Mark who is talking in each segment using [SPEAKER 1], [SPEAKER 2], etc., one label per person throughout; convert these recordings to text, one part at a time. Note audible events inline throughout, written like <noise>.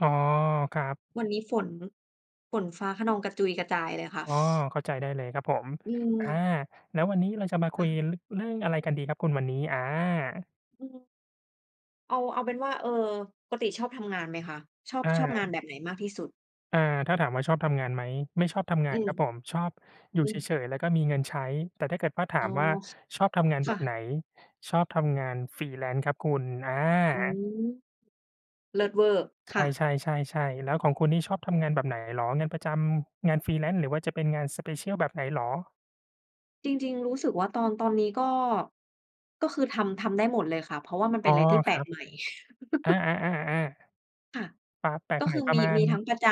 [SPEAKER 1] อ๋อ ครับ
[SPEAKER 2] วันนี้ฝน ฝนฟ้าคะนองกระจุยกระจายเลยค่ะ
[SPEAKER 1] อ๋อ
[SPEAKER 2] <chuckles>
[SPEAKER 1] เข้าใจได้เลยครับผม
[SPEAKER 2] อื
[SPEAKER 1] อา
[SPEAKER 2] ม
[SPEAKER 1] แล้ววันนี้เราจะมาค
[SPEAKER 2] ค
[SPEAKER 1] ุ
[SPEAKER 2] ่
[SPEAKER 1] ย
[SPEAKER 2] ะ
[SPEAKER 1] ร เรื่องอะไรกันดีครับคุณวันนี้? อา
[SPEAKER 2] อืม เอา เอาเป็นว่า เออ ปกติชอบทำงานไหมคะ? ชอบ
[SPEAKER 1] อ
[SPEAKER 2] ชอบงา
[SPEAKER 1] า
[SPEAKER 2] นแบบไหนมากที่สุด?
[SPEAKER 1] อา ถ้าถามว่า "ชอบทำงานไหม?" ไม่ชอบทำง
[SPEAKER 2] อ
[SPEAKER 1] า
[SPEAKER 2] ื
[SPEAKER 1] น
[SPEAKER 2] ม
[SPEAKER 1] ครับผม ชอบอยู่
[SPEAKER 2] อื
[SPEAKER 1] เฉ
[SPEAKER 2] ม
[SPEAKER 1] ย ๆ แล้วก็มีเงินใช้ แต่ถ้าเกิดว่าถา
[SPEAKER 2] อ๋อ
[SPEAKER 1] มว่า "ชอบทำงาน
[SPEAKER 2] ค
[SPEAKER 1] แบ
[SPEAKER 2] ่
[SPEAKER 1] บไหน?"
[SPEAKER 2] ะ
[SPEAKER 1] ชอบทำงาน Freelance ครับคุณ อ
[SPEAKER 2] อื
[SPEAKER 1] า
[SPEAKER 2] ม เลิศเวอร์ ค
[SPEAKER 1] ใ
[SPEAKER 2] ่ะ
[SPEAKER 1] ช่ ๆ ๆ ๆ แล้วของคุณนี่ชอบทำงานแบบไหนเหรอ? งานประจำ งาน Freelance หรือว่าจะเป็นงาน Special แบบไหนเหรอ?
[SPEAKER 2] จริง ๆ รู้สึกว่า ตอน ตอนนี้ก็ ก็คือทำ ทำได้หมดเลยค่ะ เพราะว่ามันเ
[SPEAKER 1] อ
[SPEAKER 2] ป
[SPEAKER 1] ๋
[SPEAKER 2] ็น
[SPEAKER 1] อ
[SPEAKER 2] อะไรที่แป
[SPEAKER 1] ค
[SPEAKER 2] ล
[SPEAKER 1] รั
[SPEAKER 2] ก
[SPEAKER 1] บ
[SPEAKER 2] ใหม่
[SPEAKER 1] อา
[SPEAKER 2] <laughs>
[SPEAKER 1] ๆ ๆ ๆ
[SPEAKER 2] ค่ะ
[SPEAKER 1] ๆ ปา แปล
[SPEAKER 2] ก
[SPEAKER 1] ก
[SPEAKER 2] ็
[SPEAKER 1] ให
[SPEAKER 2] ค
[SPEAKER 1] ม่
[SPEAKER 2] ือ
[SPEAKER 1] ปร
[SPEAKER 2] ม
[SPEAKER 1] ะ
[SPEAKER 2] ี
[SPEAKER 1] มา
[SPEAKER 2] มีทั้
[SPEAKER 1] ณ
[SPEAKER 2] งประจ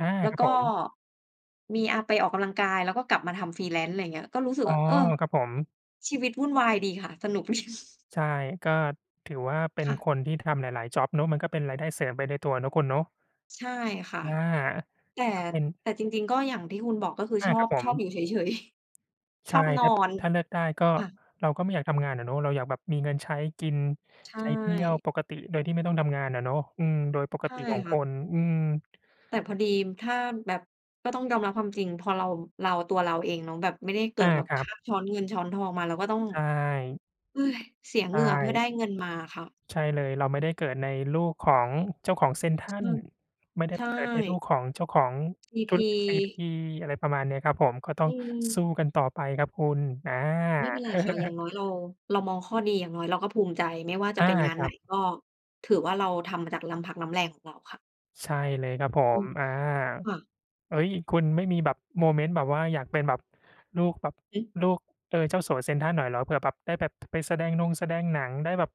[SPEAKER 1] อา
[SPEAKER 2] แล้
[SPEAKER 1] ค
[SPEAKER 2] ว
[SPEAKER 1] รับ
[SPEAKER 2] ก
[SPEAKER 1] ผ
[SPEAKER 2] ็
[SPEAKER 1] ม
[SPEAKER 2] มี อะ ไปออกกำลังกาย แล้วก็กลับมาทำ Freelance อะไรเงี้ย ก็รู้สึก
[SPEAKER 1] อ๋อ
[SPEAKER 2] ว่า เออ
[SPEAKER 1] ครับผม
[SPEAKER 2] ชีวิตวุ่นวายดีค่ะ สนุก ดี
[SPEAKER 1] ใช่ ก็ถือว่าเป็
[SPEAKER 2] ค
[SPEAKER 1] น
[SPEAKER 2] ่ะ
[SPEAKER 1] คนที่ทำหลาย ๆ จ็อบเนาะ มันก็เป็นรายได้เสริมไปในตัวเนาะคุณเนาะ
[SPEAKER 2] ใช่ค่ะ
[SPEAKER 1] อา
[SPEAKER 2] แต่
[SPEAKER 1] ก็เป็น
[SPEAKER 2] แต่จริง ๆ ก็อย่างที่คุณบอก ก็คือ
[SPEAKER 1] อา
[SPEAKER 2] ชอ
[SPEAKER 1] ครั
[SPEAKER 2] บ
[SPEAKER 1] บผ
[SPEAKER 2] ชอบ
[SPEAKER 1] ม
[SPEAKER 2] อยู่เฉย ๆ <chuckles>
[SPEAKER 1] ใช
[SPEAKER 2] ช
[SPEAKER 1] ่
[SPEAKER 2] อบน
[SPEAKER 1] ท
[SPEAKER 2] อ
[SPEAKER 1] ัด
[SPEAKER 2] น
[SPEAKER 1] ถ้าเลือกได้ก็
[SPEAKER 2] ค่ะ
[SPEAKER 1] เราก็ไม่อยากทำงานอะเนาะ เราอยากแบบมีเงินใช้กิน
[SPEAKER 2] ใช
[SPEAKER 1] ใช้เที่ยว
[SPEAKER 2] ่
[SPEAKER 1] ปกติ โดยที่ไม่ต้องทำงานอะเนาะ อืม โดยปก
[SPEAKER 2] ใช่
[SPEAKER 1] ติของ
[SPEAKER 2] ค่
[SPEAKER 1] ค
[SPEAKER 2] ะ
[SPEAKER 1] น อืม
[SPEAKER 2] แต่พอดีม ถ้าแบบ ก็ต้องยอมรับความจริง พอเรา เราตัวเราเองเนาะ แบบไม่ได้เกิ
[SPEAKER 1] อ
[SPEAKER 2] ด
[SPEAKER 1] า
[SPEAKER 2] แบบ
[SPEAKER 1] คร
[SPEAKER 2] ค
[SPEAKER 1] ับ
[SPEAKER 2] าบช้อนเงินช้อนทองมา เราก็ต้อง
[SPEAKER 1] ใช่
[SPEAKER 2] <sighs> เสีย
[SPEAKER 1] ใช
[SPEAKER 2] เหงื่อเพื่อไ
[SPEAKER 1] ่
[SPEAKER 2] ด้เงินมาอะค่ะ
[SPEAKER 1] ใช่เลย เราไม่ได้เกิดในลูกของเจ้าของเซ็นทร
[SPEAKER 2] ค
[SPEAKER 1] ัล
[SPEAKER 2] ่ะ
[SPEAKER 1] ไม่ได้
[SPEAKER 2] ใช
[SPEAKER 1] ไปเกิดในลู
[SPEAKER 2] ่
[SPEAKER 1] กของเจ้าของ
[SPEAKER 2] ซี
[SPEAKER 1] ธ
[SPEAKER 2] พ
[SPEAKER 1] ุร
[SPEAKER 2] ี
[SPEAKER 1] กิจซีพี อะไรประมาณนี้ครับผม ก็ต้
[SPEAKER 2] อ
[SPEAKER 1] อ
[SPEAKER 2] ื
[SPEAKER 1] งสู้
[SPEAKER 2] ม
[SPEAKER 1] กันต่อไปครับคุณ อา
[SPEAKER 2] ไม่เป็นไรค่ะ อย่าง
[SPEAKER 1] <chuckles>
[SPEAKER 2] น้อยเรา เรามองข้อดี อย่างน้อยเราก็ภูมิใจ ไม่ว่าจ
[SPEAKER 1] อ
[SPEAKER 2] ะ
[SPEAKER 1] า
[SPEAKER 2] เป็นงาน
[SPEAKER 1] ค
[SPEAKER 2] ไ
[SPEAKER 1] รั
[SPEAKER 2] หน
[SPEAKER 1] บ
[SPEAKER 2] ก็ ถือว่าเราทำมาจากน้ำพักน้ำแรงของเราค่ะ
[SPEAKER 1] ใช่เลยครับผ
[SPEAKER 2] อื
[SPEAKER 1] ม
[SPEAKER 2] ม
[SPEAKER 1] อา
[SPEAKER 2] ค่ะ
[SPEAKER 1] เฮ้ย คุณไม่มีแบบโมเมนต์แบบว่าอยากเป็นแบบลูก แบบ
[SPEAKER 2] อือฮึ
[SPEAKER 1] ลูก เอ่อ เจ้าสัวเซ็นทรัลหน่อยเหรอ? เผื่อแบบได้แบบ พ ไปแสดงนงแสดงหนัง ได้แบบ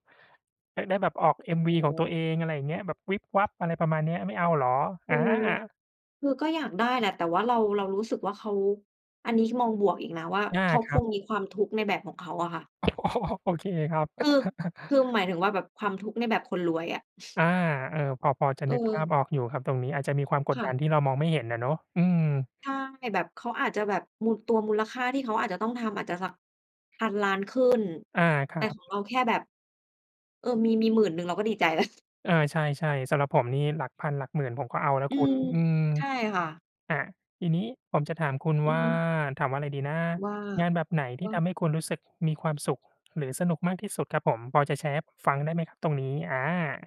[SPEAKER 1] ได้ ได้แบบออก
[SPEAKER 2] อ
[SPEAKER 1] MV
[SPEAKER 2] ๋
[SPEAKER 1] ของตัว
[SPEAKER 2] อ
[SPEAKER 1] เอง อะไรอย่างเงี้ย แบบวิบวับ อะไรประมาณเนี้ย ไม่เอาเหรอ?
[SPEAKER 2] ค
[SPEAKER 1] อ
[SPEAKER 2] ือ
[SPEAKER 1] า
[SPEAKER 2] คือก็อยากได้แหละ แต่ว่าเรา เรารู้สึกว่าเขา อันนี้คือมองบวกอีกนะว่า
[SPEAKER 1] อา
[SPEAKER 2] เขา
[SPEAKER 1] คร
[SPEAKER 2] ค
[SPEAKER 1] ั
[SPEAKER 2] ง
[SPEAKER 1] บ
[SPEAKER 2] มีความทุกข์ในแบบของเขาอะค่ะ
[SPEAKER 1] <laughs> โอเคครับ
[SPEAKER 2] คือ ค
[SPEAKER 1] <laughs>
[SPEAKER 2] ือ หมายถึงว่า แบบความทุกข์ในแบบคนรวยอะ
[SPEAKER 1] อ
[SPEAKER 2] <chuckles>
[SPEAKER 1] า เออ พอ พอจะ
[SPEAKER 2] เ
[SPEAKER 1] นึกภา
[SPEAKER 2] อ
[SPEAKER 1] พ
[SPEAKER 2] อ
[SPEAKER 1] ออกอยู่ครับ ตรงนี้อาจจะมีความก
[SPEAKER 2] ค
[SPEAKER 1] ด
[SPEAKER 2] ่
[SPEAKER 1] ดั
[SPEAKER 2] ะ
[SPEAKER 1] นที่เรามองไม่เห็นอะเนาะ อืม
[SPEAKER 2] ใช่ แบบเขาอาจจะแบบมู ตัวมูลค่าที่เขาอาจจะต้องทำ อาจจะสัก 1,000,000,000 ขึ้น
[SPEAKER 1] อา ค
[SPEAKER 2] แต
[SPEAKER 1] รั
[SPEAKER 2] ่
[SPEAKER 1] บ
[SPEAKER 2] ของเราแค่แบบ เอ่อ มี มี 10,000 เราก็ดีใจแล้ว <chuckles>
[SPEAKER 1] เออ ใช่ ๆ สำหรับผมนี่หลักพันหลักหมื่นผมก็เอาแล้ว
[SPEAKER 2] อื
[SPEAKER 1] คุ
[SPEAKER 2] ม
[SPEAKER 1] ณ อืม
[SPEAKER 2] ใช่ค่ะ
[SPEAKER 1] อะ ทีนี้ผมจะถามคุณ
[SPEAKER 2] อื
[SPEAKER 1] ว
[SPEAKER 2] อ
[SPEAKER 1] ่า
[SPEAKER 2] ฮึ
[SPEAKER 1] ถามว่าไรดีนะ?
[SPEAKER 2] ว่า
[SPEAKER 1] งานแบบไหนที
[SPEAKER 2] ว
[SPEAKER 1] ่ท
[SPEAKER 2] ะ
[SPEAKER 1] ำให้คุณรู้สึกมีความสุข หรือสนุกมากที่สุดครับผม พอจะแชร์ให้ผมฟังได้ไหมครับตรงนี้? อา